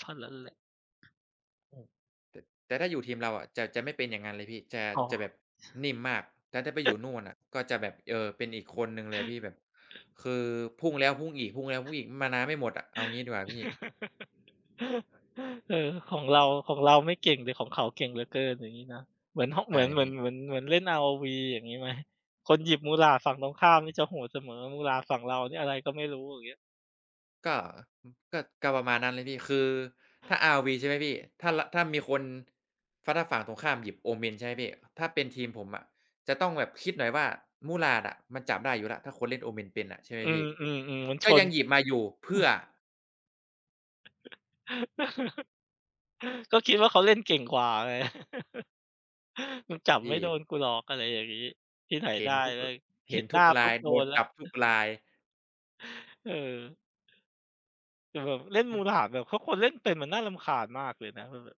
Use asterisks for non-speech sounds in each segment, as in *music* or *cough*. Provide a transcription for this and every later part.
เท่านั้นแหละ อืม แต่ แต่ถ้าอยู่ทีมเราอะ จะ จะไม่เป็นอย่างนั้นเลยพี่ จะ อ๋อ จะแบบนิ่มมาก แต่ถ้าไปอยู่นู่นอะก็จะแบบ เออ เป็นอีกคนหนึ่งเลยพี่ แบบคือพุ่งแล้วพุ่งอีก พุ่งแล้วพุ่งอีก มานาไม่หมดอะ เอางี้ดีกว่าพี่ *chuckles* เออ ของเรา ของเราไม่เก่งหรือของเขาเก่งเหลือเกิน อย่างงี้นะ เหมือน ฮ เใชหม่ือน เหมพืีอน ่ เหมือน เหมือนเล่น ROV อย่างงี้ไหม คนหยิบ Murad ฝั่งตรงข้ามนี่จะโหดเสมอ Murad ฝั่งเรานี่อะไรก็ไม่รู้ อย่างเงี้ย ก็ อ ก็ ก็ประมาณนั้นเลยพี่ คือถ้า ROV ใช่ไหมพี่ ถ้า ละ ถ้ามีคน ฟ้า ถ้าฝั่งตรงข้ามหยิบ Omen ใช่ไหมพี่ ถ้าเป็นทีมผมอะจะต้องแบบคิดหน่อยว่า Murad อะมันจับได้อยู่แล้ว ถ้าคนเล่น Omen เป็นอะ ใช่ไหมอืพี่ อ ๆ ๆ มันชก็ยน ังหยิบมาอยู่ เพืม่ัอ? น *chuckles* ก็คิดว่าเขาเล่นเก่งกว่าไง *chuckles* มันจับพไมี่่ โดนกูหรอก อะไรอย่างงี้ ที่ไหนเหได็้นทุก แมร ่ง เเหห็็นนหทนุ้ากรปุา๊ย บโดโดนนแลจ้ัว บทุกราย เออ แต่แบบเล่น Murad แบบ ถ้าคนเล่นเป็นมันน่ารำคาญมากเลยนะ มันแบบ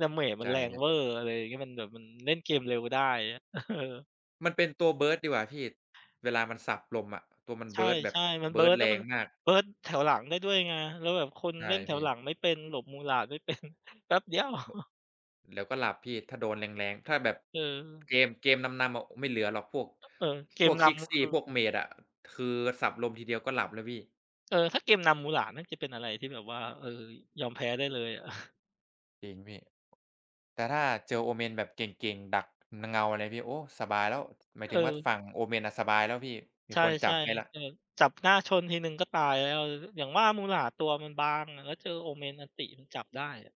damage มใชัน่แรงพี่ เว่อร์ อะไรอย่างเงี้ย มันแบบมันเล่นเกมเร็วได้ อะไรเงี้ย เออ มันเป็นตัว burst ดีกว่าพี่ เวลามันสับลมอะ ตัวมัน ใชburst แบบ ่ ๆ มัน burst burst แแลร้วมังน มาก burst แถวหลังได้ด้วยไง แล้วแบบคนใช่เล่นแถพวี่ หลังไม่เป็น หลบ Murad ไม่ เป็น แป๊บเดียว บ *chuckles* แล้วก็หลับพี่ถ้าโดนแรง ๆ ถ้าแบบเออ เกม เกมนำ ๆ อะ อ ไม่เหลือหรอกพวก ก เออ เกพมวก นKrixi ำคือ พวก Mage อะ คือสับลมทีเดียวก็หลับแล้วพี่ เออ ถ้าเกมนำ Murad น่าจะเป็นอะไรที่แบบว่า เออ ยอมแพ้ได้เลยอะ จริงพี่ แต่ถ้าเจอ Omen แบบเก่ง ๆ ดัก น เงาอะไรพี่ โอ้ สบายแล้ว หมายเถึงว่าออ ฝั่ง Omen อะสบายแล้วพี่ มีใชคนจั่ บให้แล้ว ๆ แต่แบบจับหน้าชนทีหนึ่งก็ตายแล้ว ล อย่างว่า Murad ตัวมันบางอะ แล้วเจอ Omen อัลติ มันจับได้อะ